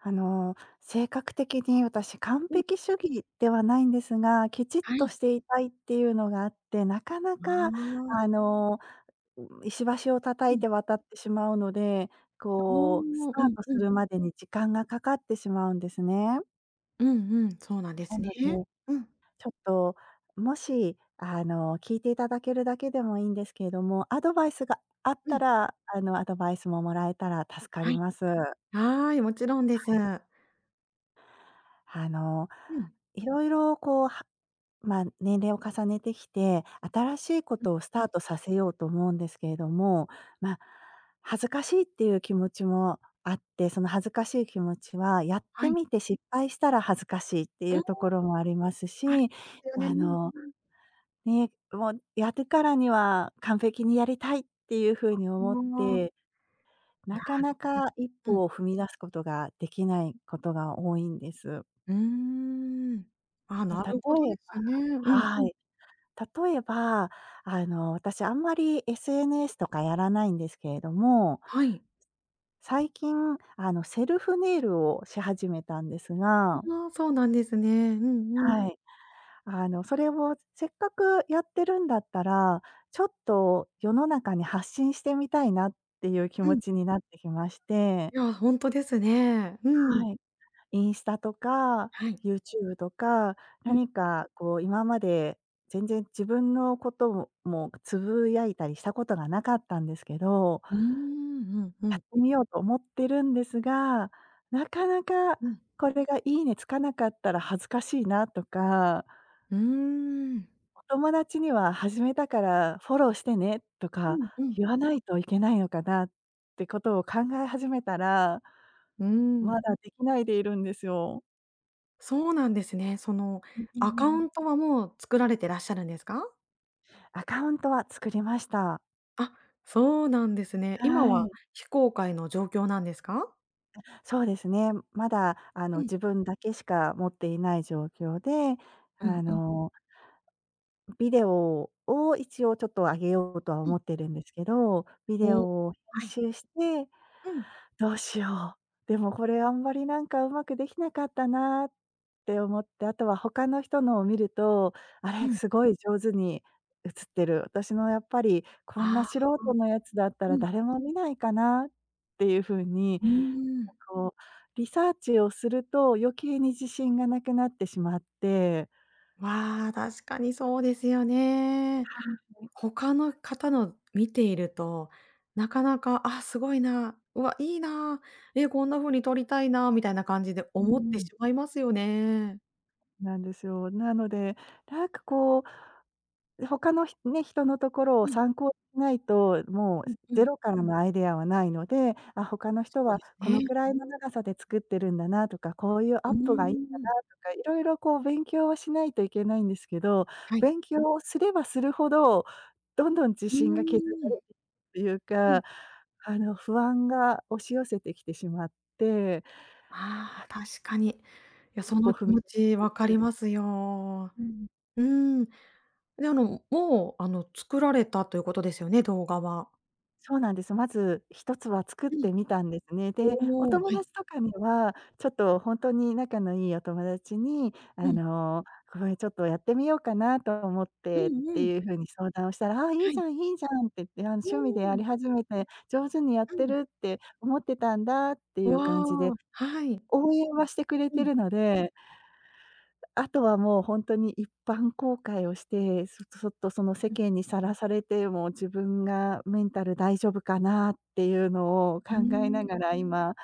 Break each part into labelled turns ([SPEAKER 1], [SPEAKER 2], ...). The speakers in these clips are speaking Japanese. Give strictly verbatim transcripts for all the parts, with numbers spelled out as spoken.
[SPEAKER 1] あの、性格的に私、完
[SPEAKER 2] うん。
[SPEAKER 1] 璧主義ではないんですが、きちっ
[SPEAKER 2] は
[SPEAKER 1] と
[SPEAKER 2] い。
[SPEAKER 1] していたいっていうのがあって、なかな
[SPEAKER 2] ま
[SPEAKER 1] か
[SPEAKER 2] あ。
[SPEAKER 1] あの、ん、石橋を叩
[SPEAKER 2] う
[SPEAKER 1] い
[SPEAKER 2] ん。
[SPEAKER 1] て渡ってしまうので、
[SPEAKER 2] だああ、
[SPEAKER 1] こうス
[SPEAKER 2] う
[SPEAKER 1] ター
[SPEAKER 2] ん、
[SPEAKER 1] トす
[SPEAKER 2] うん。
[SPEAKER 1] るまでに時間がかかってしまうんですね。
[SPEAKER 2] うんうん、そうなんで
[SPEAKER 1] な
[SPEAKER 2] すね、
[SPEAKER 1] ので、
[SPEAKER 2] うん。
[SPEAKER 1] ちょっと、もし、あの聞いていただけるだけでもいいんですけども、アドバイスがあっ
[SPEAKER 2] う
[SPEAKER 1] た
[SPEAKER 2] ん。
[SPEAKER 1] ら、あのアドバイスももらえたら助か
[SPEAKER 2] は
[SPEAKER 1] り
[SPEAKER 2] い。
[SPEAKER 1] ます。
[SPEAKER 2] はい、もちろんです。
[SPEAKER 1] はい。あの、
[SPEAKER 2] うん。
[SPEAKER 1] いろいろこう、はまあ年齢を重ねてきて、新しいこ
[SPEAKER 2] うん、
[SPEAKER 1] とをス
[SPEAKER 2] う
[SPEAKER 1] タ
[SPEAKER 2] ん。
[SPEAKER 1] ートさせようと思うんですけれども、まあ、恥ずかしいっていう気持ちもあって、その恥ずかしい気持ちは、やっ
[SPEAKER 2] は
[SPEAKER 1] て
[SPEAKER 2] い。
[SPEAKER 1] みて失敗したら恥ずかしいって
[SPEAKER 2] う
[SPEAKER 1] い
[SPEAKER 2] ーん、
[SPEAKER 1] うところもあります
[SPEAKER 2] ある
[SPEAKER 1] し、
[SPEAKER 2] すよね、う
[SPEAKER 1] あ
[SPEAKER 2] ん、
[SPEAKER 1] の、
[SPEAKER 2] うん。
[SPEAKER 1] ね、うもん、やるからには完璧にやりたいっていうふうに
[SPEAKER 2] あ、
[SPEAKER 1] 思っ
[SPEAKER 2] ああ。
[SPEAKER 1] て、
[SPEAKER 2] な
[SPEAKER 1] なかな
[SPEAKER 2] りほ
[SPEAKER 1] か一
[SPEAKER 2] うん。
[SPEAKER 1] 歩を踏み出すことができないことが多いんです。
[SPEAKER 2] うーん。ああ、
[SPEAKER 1] え、
[SPEAKER 2] なるほど
[SPEAKER 1] 例
[SPEAKER 2] で
[SPEAKER 1] えば
[SPEAKER 2] すね。うんう
[SPEAKER 1] は
[SPEAKER 2] ん。
[SPEAKER 1] い。例えば、あの、私あんまり SNS とかやらないんですけれども、
[SPEAKER 2] はい。
[SPEAKER 1] つ最近、あの、セルフネイルをし始めたんですが
[SPEAKER 2] うああ、そうなんですね。うんうん。
[SPEAKER 1] はい。あの、それを、せっかくやってるんだったら、ちょっと世の中に発信してみたいなっていう気
[SPEAKER 2] う
[SPEAKER 1] 持
[SPEAKER 2] ん。
[SPEAKER 1] ちになってきまして
[SPEAKER 2] いや、ほんとですね。うん。
[SPEAKER 1] はい。インスタとか、
[SPEAKER 2] はい。
[SPEAKER 1] YouTube とか、
[SPEAKER 2] うん。
[SPEAKER 1] 何かこう今まで、全然自分のことをもうぐつぶやいたりしたことが無かったんですけど。
[SPEAKER 2] うーん、うんう
[SPEAKER 1] やっ
[SPEAKER 2] ん。
[SPEAKER 1] てみようと思ってるんですが、中々、
[SPEAKER 2] うん。
[SPEAKER 1] これが「いいね」つかなかったら恥ずかしいなとか。
[SPEAKER 2] うーん。
[SPEAKER 1] 友達には始めたからフォローしてね、と
[SPEAKER 2] う
[SPEAKER 1] か、
[SPEAKER 2] んうん。
[SPEAKER 1] 言わないといけないのかな、ってことを考え始めたら
[SPEAKER 2] うーん。
[SPEAKER 1] まだできないでいるんですよ。
[SPEAKER 2] そうなんですね。その
[SPEAKER 1] うんうん
[SPEAKER 2] ア
[SPEAKER 1] う
[SPEAKER 2] カ
[SPEAKER 1] んう
[SPEAKER 2] ウ
[SPEAKER 1] ん。
[SPEAKER 2] ントはもう作られてらっしゃるんですか？
[SPEAKER 1] アカウントは作りました。
[SPEAKER 2] あ、そうなんですね。今
[SPEAKER 1] は
[SPEAKER 2] は
[SPEAKER 1] い。
[SPEAKER 2] 非公開の状況なんですか？
[SPEAKER 1] あ、そうですね、まだあの
[SPEAKER 2] うん。
[SPEAKER 1] 自分だけしか持っていない状況で、
[SPEAKER 2] う
[SPEAKER 1] あ
[SPEAKER 2] んうん。
[SPEAKER 1] のビデオを一応ちょっと上げようとは
[SPEAKER 2] う
[SPEAKER 1] 思
[SPEAKER 2] ん。
[SPEAKER 1] ってるんですけど、ビデ
[SPEAKER 2] お、
[SPEAKER 1] オを編
[SPEAKER 2] はい。
[SPEAKER 1] 集して
[SPEAKER 2] うん。
[SPEAKER 1] 「どうしよう、でもこれあんまりなんか上手くできなかったな」って思って、後は他の人のを見ると「あれ、
[SPEAKER 2] うん。
[SPEAKER 1] すごい上手に映ってる。私のやっぱり、こん
[SPEAKER 2] あ
[SPEAKER 1] な
[SPEAKER 2] あ。
[SPEAKER 1] 素人のやつだった
[SPEAKER 2] う
[SPEAKER 1] ら
[SPEAKER 2] ん。
[SPEAKER 1] 誰も見ないかな？」っていう風に、
[SPEAKER 2] うーん。
[SPEAKER 1] こうリサーチをすると余計に自信が無くなってしまって
[SPEAKER 2] まあ、確かにそうですよね。
[SPEAKER 1] はあ、ね。
[SPEAKER 2] 他の方の見ていると、なかなか、「ああ、すごいな」、「うわ、いいな」、「え、こんな風に撮りたいな」みたいな感じで
[SPEAKER 1] うー
[SPEAKER 2] 思ってし
[SPEAKER 1] ん。
[SPEAKER 2] まいますよね。
[SPEAKER 1] なんですよ。なので、なんかこう、他のひね、人のところを
[SPEAKER 2] うん。
[SPEAKER 1] 参考にしないと、も
[SPEAKER 2] う
[SPEAKER 1] う
[SPEAKER 2] んう
[SPEAKER 1] ゼ
[SPEAKER 2] ん。
[SPEAKER 1] ロからのアイデアはないので、あ、他の人
[SPEAKER 2] そう
[SPEAKER 1] は
[SPEAKER 2] です
[SPEAKER 1] この
[SPEAKER 2] ね。
[SPEAKER 1] くらいの長さで作ってるんだなとか、こういう
[SPEAKER 2] う
[SPEAKER 1] アッ
[SPEAKER 2] ー
[SPEAKER 1] プがいいんだ
[SPEAKER 2] ん。
[SPEAKER 1] なとか、いろいろこう勉強をしないといけないんですけど、
[SPEAKER 2] はい。
[SPEAKER 1] 勉強をすればするほど、どんどん自
[SPEAKER 2] う
[SPEAKER 1] 信が削
[SPEAKER 2] ー
[SPEAKER 1] ら
[SPEAKER 2] ん。
[SPEAKER 1] れてっていう
[SPEAKER 2] うん。
[SPEAKER 1] か、あの不安が押し寄せてきてしまって。い
[SPEAKER 2] ああ、
[SPEAKER 1] や
[SPEAKER 2] 確かに。いや、
[SPEAKER 1] 一
[SPEAKER 2] そ
[SPEAKER 1] 歩
[SPEAKER 2] の
[SPEAKER 1] ふ
[SPEAKER 2] 気
[SPEAKER 1] み
[SPEAKER 2] 持ち
[SPEAKER 1] 出
[SPEAKER 2] わか
[SPEAKER 1] す [unintelligible]
[SPEAKER 2] りますよ。
[SPEAKER 1] うん。
[SPEAKER 2] うーん。で、あの、もう、あの、作られたということですよね、動画は。
[SPEAKER 1] そうなんです。まずひとつは作っ
[SPEAKER 2] うん。
[SPEAKER 1] てみたんですね。で、お
[SPEAKER 2] おお、は
[SPEAKER 1] 友
[SPEAKER 2] い。
[SPEAKER 1] 達とかには、ちょっとほんとに、仲の良いお友達に
[SPEAKER 2] う
[SPEAKER 1] あ
[SPEAKER 2] ん。
[SPEAKER 1] の、「これちょっとやってみようかなと思っ
[SPEAKER 2] う
[SPEAKER 1] て」っ
[SPEAKER 2] ん
[SPEAKER 1] て
[SPEAKER 2] うん。
[SPEAKER 1] いう風に相談をしたら、「ああ、いい
[SPEAKER 2] は
[SPEAKER 1] じ
[SPEAKER 2] い。
[SPEAKER 1] ゃんいいじゃん」って言って、「あ
[SPEAKER 2] う
[SPEAKER 1] 趣味でや
[SPEAKER 2] ーん。
[SPEAKER 1] り始めて、上手にやっ
[SPEAKER 2] う
[SPEAKER 1] て
[SPEAKER 2] ん。
[SPEAKER 1] るって思ってたんだ」っていう感じで、
[SPEAKER 2] おお、はい。
[SPEAKER 1] 応援はしてくれ
[SPEAKER 2] う
[SPEAKER 1] て
[SPEAKER 2] ん。
[SPEAKER 1] るのであとはもうほんとに一般公開をして、そとそっとその世
[SPEAKER 2] うん。
[SPEAKER 1] 間にさらされても自分がメンタル大丈夫かな？っていうのを考
[SPEAKER 2] うー
[SPEAKER 1] えな
[SPEAKER 2] ん。
[SPEAKER 1] がら今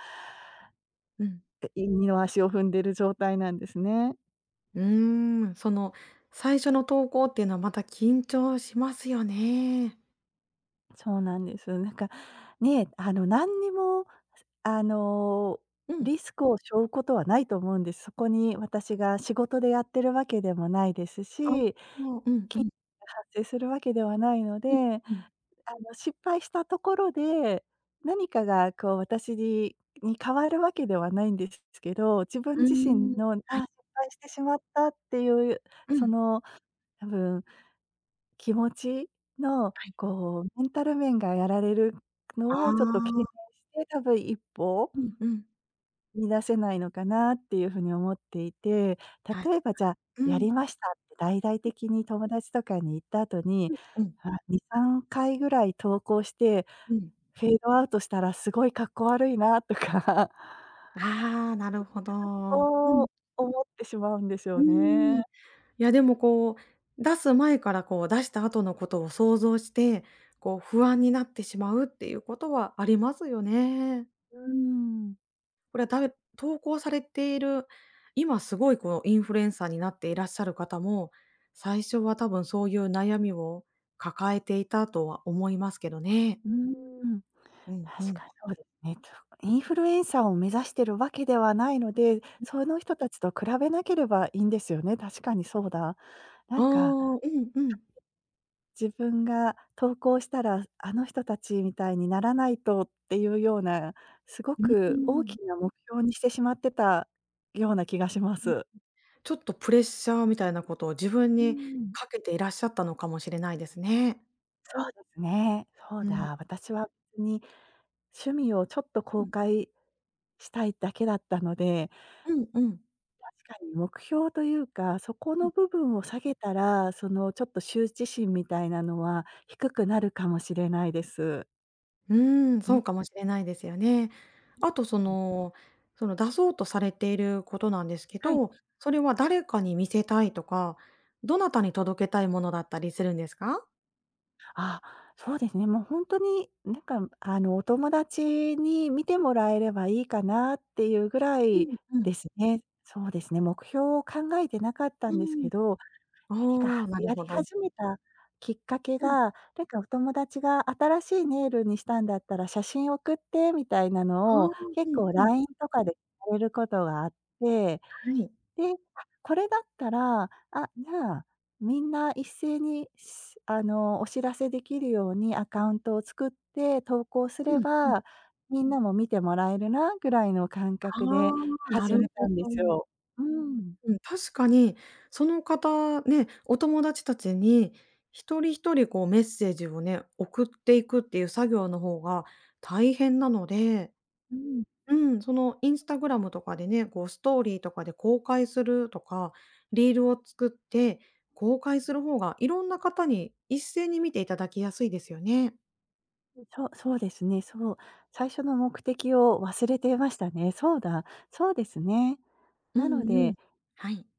[SPEAKER 2] うん。
[SPEAKER 1] えい二の足を踏んでる状態なんですね。
[SPEAKER 2] うーん、その最初の投稿っていうのは、また緊張しますよね。
[SPEAKER 1] そうなんです。なんかね、あの何にも、あの
[SPEAKER 2] うん。
[SPEAKER 1] リスクを背負うことはないと思うんです。そこに私が仕事でやってる訳でもないです
[SPEAKER 2] あ、
[SPEAKER 1] し、
[SPEAKER 2] そう、うん
[SPEAKER 1] き
[SPEAKER 2] う ん。
[SPEAKER 1] が発生するわけではないの
[SPEAKER 2] うん
[SPEAKER 1] で、
[SPEAKER 2] うん。
[SPEAKER 1] あの失敗したところで、何かがこう私にに変わるわけではないんですけど、自分
[SPEAKER 2] うー
[SPEAKER 1] 自
[SPEAKER 2] ん、
[SPEAKER 1] 身の、あ、失
[SPEAKER 2] はい。
[SPEAKER 1] 敗してしまったっていう、
[SPEAKER 2] う
[SPEAKER 1] そ
[SPEAKER 2] ん。
[SPEAKER 1] の多分、気持ち？の
[SPEAKER 2] はい。
[SPEAKER 1] こうメンタル面がやられるの
[SPEAKER 2] あ
[SPEAKER 1] をちょっと警戒
[SPEAKER 2] あ。
[SPEAKER 1] して、多分いっぽ
[SPEAKER 2] うんうん。
[SPEAKER 1] 踏み出せないのかなっていう風に思っていて。
[SPEAKER 2] はいはい。
[SPEAKER 1] 例えばじゃあ、
[SPEAKER 2] う
[SPEAKER 1] や
[SPEAKER 2] ん。
[SPEAKER 1] りましたって大々的に友達とかに言った後に、
[SPEAKER 2] うんうん。
[SPEAKER 1] あ、にさんかいぐらい投稿して、
[SPEAKER 2] うん。
[SPEAKER 1] フェードアウトしたら凄い格好悪いなとか。
[SPEAKER 2] ああ、なるほ ど。う
[SPEAKER 1] そ
[SPEAKER 2] ん。
[SPEAKER 1] う、思ってしまうんです
[SPEAKER 2] うー
[SPEAKER 1] よね。
[SPEAKER 2] ん。いや、でもこう、出す前からこう出した後のことを想像して、こう不安になってしまうっていうことはありますよね。
[SPEAKER 1] うーん。
[SPEAKER 2] これはたぶ投稿されている、今凄いこうインフルエンサーになっていらっしゃる方も、最初は多分そういう悩みを抱えていたとは思いますけどね。
[SPEAKER 1] うーん、
[SPEAKER 2] うんう
[SPEAKER 1] 確
[SPEAKER 2] ん。
[SPEAKER 1] かにそう インフルエンサーを目指してるわけではないので、その人たちと比べなければいいんですよね。確かにそうだ。な
[SPEAKER 2] あ
[SPEAKER 1] ん
[SPEAKER 2] あ、
[SPEAKER 1] か
[SPEAKER 2] うんうん。
[SPEAKER 1] 自分が投稿したら、あの人たちみたいにならないとっていうような、すご
[SPEAKER 2] うー
[SPEAKER 1] く大
[SPEAKER 2] ん。
[SPEAKER 1] きな目標にしてしまってた、ような気がしま
[SPEAKER 2] うん、
[SPEAKER 1] す。
[SPEAKER 2] ちょっとプレッシャーみたいなことを自分
[SPEAKER 1] う
[SPEAKER 2] に
[SPEAKER 1] ん。
[SPEAKER 2] かけていらっしゃったのかもしれないですね。
[SPEAKER 1] そうですね、そう
[SPEAKER 2] うん。
[SPEAKER 1] だ、私は、に趣味をちょっと
[SPEAKER 2] う
[SPEAKER 1] 公
[SPEAKER 2] ん。
[SPEAKER 1] 開したいだけだったので
[SPEAKER 2] うんうん。
[SPEAKER 1] 確かに目標というか、そこ
[SPEAKER 2] う
[SPEAKER 1] の
[SPEAKER 2] ん。
[SPEAKER 1] 部分を下げたら、その、ちょっと羞恥心みたいなのは低くなるかもしれないです。
[SPEAKER 2] うーん、
[SPEAKER 1] う
[SPEAKER 2] そ
[SPEAKER 1] ん。
[SPEAKER 2] うかもしれないですよね。あと、そのその出そうとされていることなんですけ
[SPEAKER 1] はい。
[SPEAKER 2] ど、それは誰かに見せたいとか、どなたに届けたいものだったりするんですか？
[SPEAKER 1] ああ、そうですね、もうほんとに、何か、あのお友達に見てもらえれば良いかなっていうぐら
[SPEAKER 2] う
[SPEAKER 1] い、
[SPEAKER 2] んうん。
[SPEAKER 1] ですね。そうですね、目標を考えて無かった
[SPEAKER 2] う
[SPEAKER 1] んですけ
[SPEAKER 2] ん。
[SPEAKER 1] ど、何
[SPEAKER 2] あ
[SPEAKER 1] か
[SPEAKER 2] あ、なる
[SPEAKER 1] やり
[SPEAKER 2] ほど。
[SPEAKER 1] 始めたきっかけ
[SPEAKER 2] うん。
[SPEAKER 1] が、なんかお友達が新しいネイルにしたんだったら、写真を送って、みたいな
[SPEAKER 2] ああ、
[SPEAKER 1] のを、
[SPEAKER 2] う
[SPEAKER 1] 結
[SPEAKER 2] ん
[SPEAKER 1] 構
[SPEAKER 2] うん。
[SPEAKER 1] LINE とかで ることがあって、
[SPEAKER 2] はい。
[SPEAKER 1] で、あ、これだったら、あ、じゃあ、みんな一斉にし、あのお知らせできるようにアカウントを作って投稿す
[SPEAKER 2] う
[SPEAKER 1] れ
[SPEAKER 2] んうん。
[SPEAKER 1] ば、皆も見てもらえるなぐらいの感
[SPEAKER 2] あ
[SPEAKER 1] 覚で
[SPEAKER 2] あ、な
[SPEAKER 1] 始
[SPEAKER 2] る
[SPEAKER 1] め
[SPEAKER 2] ほ
[SPEAKER 1] たんです
[SPEAKER 2] ど。
[SPEAKER 1] よ。うーん。
[SPEAKER 2] うん、確かに、その方、ね、お友達たちに、ひとりひとりこうメッセージをね、送っていくっていう作業の方が大変なので、
[SPEAKER 1] うん。
[SPEAKER 2] うん、その Instagram とかでね、こうストーリーとかで公開するとか、リールを作って、公開する方が、いろんな方に一斉に見ていただきやすいですよね。
[SPEAKER 1] うん、そう、そうですね、そう、最初の目的を忘れていましたね。そうだ、そうですね。
[SPEAKER 2] う
[SPEAKER 1] なの
[SPEAKER 2] んうん、
[SPEAKER 1] で
[SPEAKER 2] はい。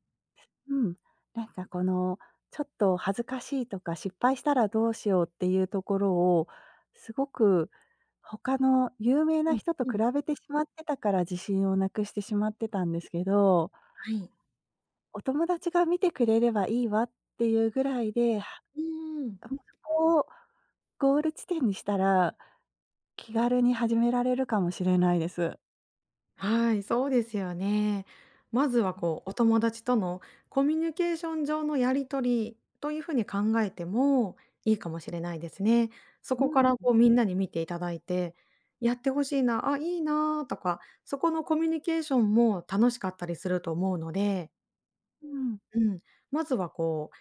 [SPEAKER 1] うん。なんかこの、ちょっと恥ずかしいとか、失敗したらどうしようっていうところを、凄く、他の有名
[SPEAKER 2] う
[SPEAKER 1] な
[SPEAKER 2] ん、
[SPEAKER 1] 人と
[SPEAKER 2] う
[SPEAKER 1] 比
[SPEAKER 2] ん。
[SPEAKER 1] べてしまってたから、自信を無くしてしまってたんですけど
[SPEAKER 2] はい。
[SPEAKER 1] お友達が見てくれればいいわっていうぐらいで、は
[SPEAKER 2] うーん。
[SPEAKER 1] こをゴール地点にしたら、気軽に始められるかもしれないです。
[SPEAKER 2] はい、そうですよね。まずは
[SPEAKER 1] うん。
[SPEAKER 2] こう、お友達とのコミュニケーション上のやり取りという風に考えても、いいかもしれないですね。そ
[SPEAKER 1] うー
[SPEAKER 2] こか
[SPEAKER 1] ん、
[SPEAKER 2] ら
[SPEAKER 1] う
[SPEAKER 2] こ
[SPEAKER 1] ん。
[SPEAKER 2] うみんなに見ていただいて、やって欲しいな、あ、いいなとか、そこのコミュニケーションも楽しかったりすると思うので
[SPEAKER 1] うん。
[SPEAKER 2] うん、まずはこう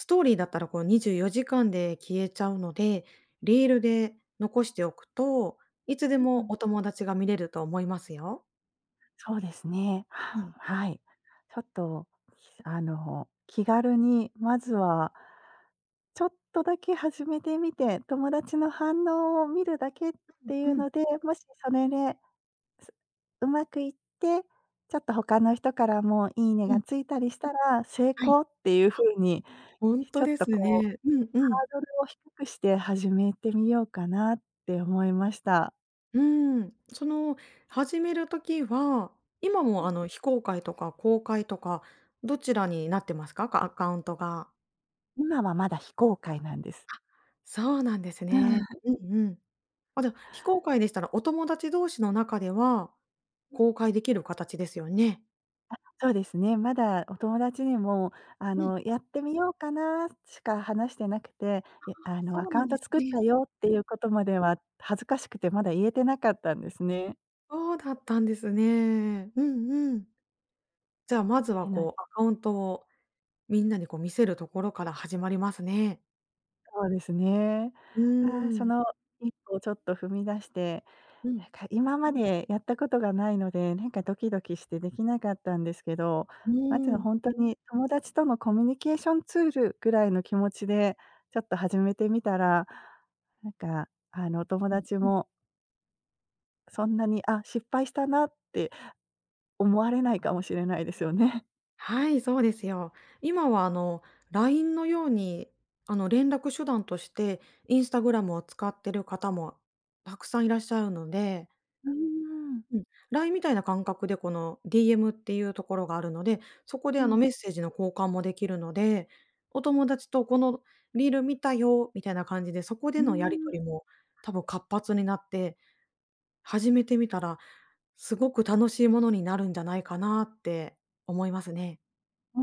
[SPEAKER 2] ストーリーだったら、こう、にじゅうよじかんで消えちゃうので、リールで残しておくと、いつで
[SPEAKER 1] う
[SPEAKER 2] も
[SPEAKER 1] ん。
[SPEAKER 2] お友達が見れると思いますよ。
[SPEAKER 1] そうですね、
[SPEAKER 2] う
[SPEAKER 1] は
[SPEAKER 2] ん。
[SPEAKER 1] はい。ちょっと、あの、気軽にまずはちょっとだけ始めてみて、友達の反応を見るだけって
[SPEAKER 2] う
[SPEAKER 1] い
[SPEAKER 2] ん
[SPEAKER 1] う
[SPEAKER 2] うん。
[SPEAKER 1] ので、もしそれで上手くいって、ちょっと他の人からも、いいね
[SPEAKER 2] う
[SPEAKER 1] が
[SPEAKER 2] ん。
[SPEAKER 1] ついたりしたら、成
[SPEAKER 2] はい。
[SPEAKER 1] 功っていう風に、
[SPEAKER 2] ほん
[SPEAKER 1] ちょ
[SPEAKER 2] と
[SPEAKER 1] っ
[SPEAKER 2] で
[SPEAKER 1] と、
[SPEAKER 2] す
[SPEAKER 1] こう、
[SPEAKER 2] ね。うん、う
[SPEAKER 1] ハ
[SPEAKER 2] ん。
[SPEAKER 1] ードルを低くして、始めてみようかなって思いました。
[SPEAKER 2] うーん。その、始める時は、今も、あの、非公開とか公開とか、どちらになってますか？かアカウントが。
[SPEAKER 1] 今は、まだ非公開なんです。
[SPEAKER 2] あ、そうなんです
[SPEAKER 1] うー
[SPEAKER 2] ね。
[SPEAKER 1] ん。
[SPEAKER 2] うんうん。あ、じゃ、非公開でしたら、お友達同士の中では公開できる形ですよね。
[SPEAKER 1] あ、そうですね。まだお友達にも、あ
[SPEAKER 2] うん。
[SPEAKER 1] の、「やってみようかな」しか話してなくて、
[SPEAKER 2] あ
[SPEAKER 1] え、
[SPEAKER 2] あ、
[SPEAKER 1] あ
[SPEAKER 2] そ
[SPEAKER 1] の、「ア
[SPEAKER 2] う
[SPEAKER 1] カ
[SPEAKER 2] な
[SPEAKER 1] ウ
[SPEAKER 2] ん
[SPEAKER 1] ン
[SPEAKER 2] で
[SPEAKER 1] ト
[SPEAKER 2] す
[SPEAKER 1] 作っ
[SPEAKER 2] ね。
[SPEAKER 1] たよ」って
[SPEAKER 2] う
[SPEAKER 1] い
[SPEAKER 2] ん。
[SPEAKER 1] うことまでは、恥ずかしくて、まだ言えてなかったんですね。
[SPEAKER 2] そうだったんですね。うんうん。じゃあ、まず
[SPEAKER 1] て
[SPEAKER 2] は、
[SPEAKER 1] な。
[SPEAKER 2] こう、アカウントをみんなに、こう、見せるところから始まりますね。
[SPEAKER 1] そうですね。
[SPEAKER 2] うー
[SPEAKER 1] あ、そ
[SPEAKER 2] ん。
[SPEAKER 1] のいっぽをちょっと踏み出して、
[SPEAKER 2] う
[SPEAKER 1] な
[SPEAKER 2] ん。
[SPEAKER 1] んか今までやったことがないので、なんかドキドキしてできなかったんですけど、
[SPEAKER 2] う
[SPEAKER 1] まず
[SPEAKER 2] ーん。
[SPEAKER 1] ほんとに友達とのコミュニケーションツールぐらいの気持ちで、ちょっと始めてみたら、なんかあの、お友
[SPEAKER 2] うん
[SPEAKER 1] 達
[SPEAKER 2] うん。
[SPEAKER 1] もそんなにあ、失敗したなって思われないかもしれないですよね。
[SPEAKER 2] はい、そうですよ。今はあの、LINE のように、あの連絡手段として、Instagram を使ってる方もたくさんいらっしゃるので
[SPEAKER 1] うーん。
[SPEAKER 2] うん、LINE みたいな感覚で、この DM っていうところがあるので、そこで
[SPEAKER 1] う
[SPEAKER 2] あの
[SPEAKER 1] ん。
[SPEAKER 2] メッセージの交換もできるので、お友達とこのリール見たよ、みたいな感じで、そこで
[SPEAKER 1] うー
[SPEAKER 2] のやり
[SPEAKER 1] ん。
[SPEAKER 2] 取りも多分活発になって、始めてみたらすごく楽しいものになるんじゃないかなって思いますね。
[SPEAKER 1] う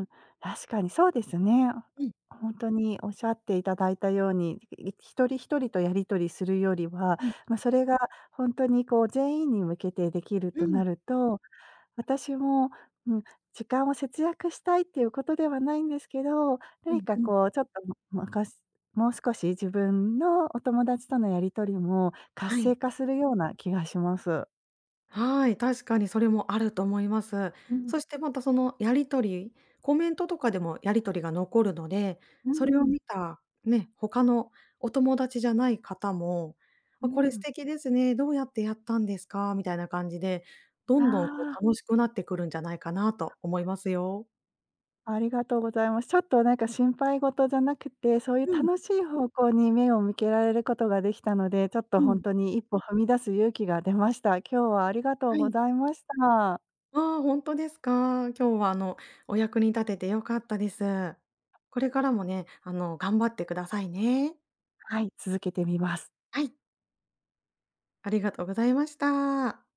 [SPEAKER 1] ーん、確かにそうですね。
[SPEAKER 2] うん。
[SPEAKER 1] ほんとにおっしゃっていただいたように、ひとりひとりとやり取りするよりは、
[SPEAKER 2] うん。
[SPEAKER 1] まそれがほんとにこう全員に向けてできる
[SPEAKER 2] う
[SPEAKER 1] と
[SPEAKER 2] ん。
[SPEAKER 1] なると、私も、うん、時間を節約したいっていうことではないんですけど、
[SPEAKER 2] う
[SPEAKER 1] 何
[SPEAKER 2] ん
[SPEAKER 1] か
[SPEAKER 2] うん。
[SPEAKER 1] こうちょっと、む昔、もう少し自分のお友達とのやり取りも活
[SPEAKER 2] はい。
[SPEAKER 1] 性化するような気がします。
[SPEAKER 2] はい、確かにそれもあると思います。
[SPEAKER 1] うん。
[SPEAKER 2] そしてまたそのやり取り、コメントとかでもやり取りが残るので、
[SPEAKER 1] う
[SPEAKER 2] それを
[SPEAKER 1] ん。
[SPEAKER 2] 見た、ね、他のお友達じゃない方も、
[SPEAKER 1] う
[SPEAKER 2] あ、これ素
[SPEAKER 1] ん。
[SPEAKER 2] 敵ですね、どうやってやったんですか？みたいな感じで、どんどんこ
[SPEAKER 1] ああ。
[SPEAKER 2] う楽しくなってくるんじゃないかなと思いますよ。
[SPEAKER 1] ありがとうございます。ちょっと何か心配事じゃなくて、そういう
[SPEAKER 2] うん。
[SPEAKER 1] 楽しい方向に目を向けられることができたので、ちょっと
[SPEAKER 2] う
[SPEAKER 1] ほん
[SPEAKER 2] ん。
[SPEAKER 1] とにいっぽ踏み出す勇気が出ました。今日はありがとう
[SPEAKER 2] は
[SPEAKER 1] ご
[SPEAKER 2] い。
[SPEAKER 1] ざいました。
[SPEAKER 2] ああ、ほんとですか。今日はあのお役に立てて良かったです。これからもね、あの頑張ってくださいね。
[SPEAKER 1] はい、続けてみます。
[SPEAKER 2] はい。ありがとうございました。